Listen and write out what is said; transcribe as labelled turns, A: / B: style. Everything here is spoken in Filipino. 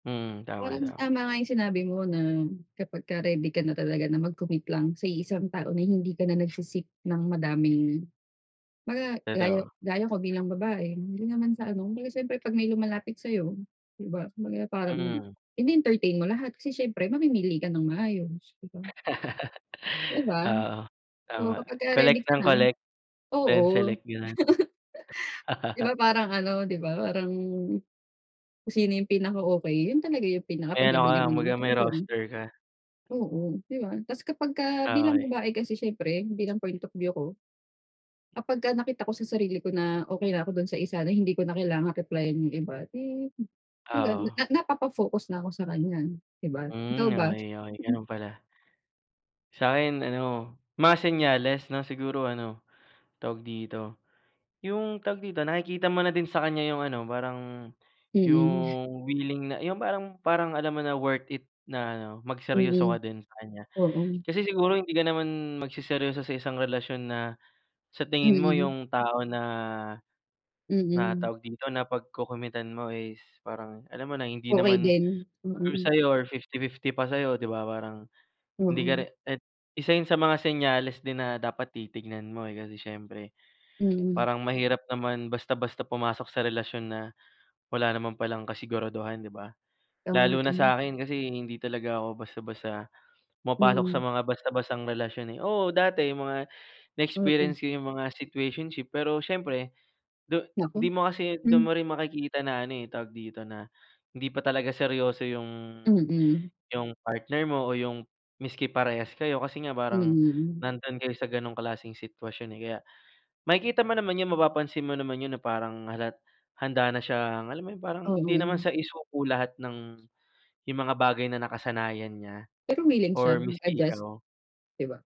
A: Mm, tama,
B: Parang
A: tama.
B: tama nga yung sinabi mo na kapagka ready ka na talaga na mag-commit lang sa iisang tao na hindi ka na nagse-seek ng madaming mga gaya
A: Totoo.
B: gaya ko bilang babae hindi naman sa ano kung baga syempre pag may lumalapit sa'yo, 'di ba, kung baga parang
A: Mm.
B: ine-entertain mo lahat kasi syempre, mamimili ka nang maayos, 'di ba? Di ba?
A: Oo tama,
B: So, kapag ka ready
A: collect
B: ka
A: ng
B: na
A: collect,
B: oo
A: then select, ganun?
B: di ba parang ano di ba parang, kung sino yung pinaka-okay yun talaga yung
A: Ayan o
B: pinakapagbibigyan
A: kaya
B: mo
A: kung
B: ng
A: baga may
B: atensyon.
A: roaster ka.
B: Oo, 'di ba? Tas kapag ka
A: Ah,
B: bilang
A: okay.
B: babae kasi syempre bilang point of view ko, kapagka nakita ko sa sarili ko na okay na ako dun sa isa na hindi ko na kailangang replyan yung iba di magan
A: Oo.
B: ah na napapa-focus na ako sa kanya, 'di ba, ikaw
A: Mm
B: ba?
A: okay okay
B: Mm
A: ganun pala. Sa'kin ano mga senyales na siguro ano, tawag dito? Yung, tawag dito, nakikita mo na din sa kanya yung ano parang
B: Mm.
A: yung, willing na yung parang parang alam mo na worth it na ano magseryoso ka
B: Mm.
A: din sa kanya.
B: Oo.
A: Kasi siguro hindi ka naman magseseryoso sa isang relasyon na sa tingin mo
B: Mm.
A: yung tao na, na
B: Mm.
A: tawag dito, na pagko-committan mo is parang alam mo na hindi
B: Okay
A: naman
B: din.
A: sure
B: Mm.
A: sayo or 50:50 pa sa'yo, 'di ba parang hindi ka re
B: Mm.
A: at isa yun sa mga senyales din na dapat titignan mo eh, kasi siyempre
B: Mhm.
A: parang mahirap naman basta-basta pumasok sa relasyon na wala naman palang kasiguraduhan, 'di ba?
B: Oo nga,
A: Lalo na
B: tama.
A: sa akin kasi hindi talaga ako basta-basta pumapasok sa
B: Mm.
A: mga basta-bastang relasyon, eh. Oo, dati mga
B: Mm.
A: na-experience ko yung mga situationship pero siyempre, du di
B: Naku,
A: mo kasi dun
B: mm.
A: mo rin makikita na ano eh, tawag dito, na hindi pa talaga seryoso yung
B: Mm.
A: yung partner mo o yung miski parehas kayo kasi nga parang
B: Mm.
A: nandun kayo sa ganong klaseng sitwasyon eh. Kaya makikita mo naman yun mapapansin mo naman yun na parang halat handa na siyang alam mo yun parang hindi naman
B: Oo.
A: siya isuko lahat ng yung mga bagay na nakasanayan niya
B: Pero willing siya
A: or miski
B: mag-adjust,
A: ikaw.
B: 'di ba?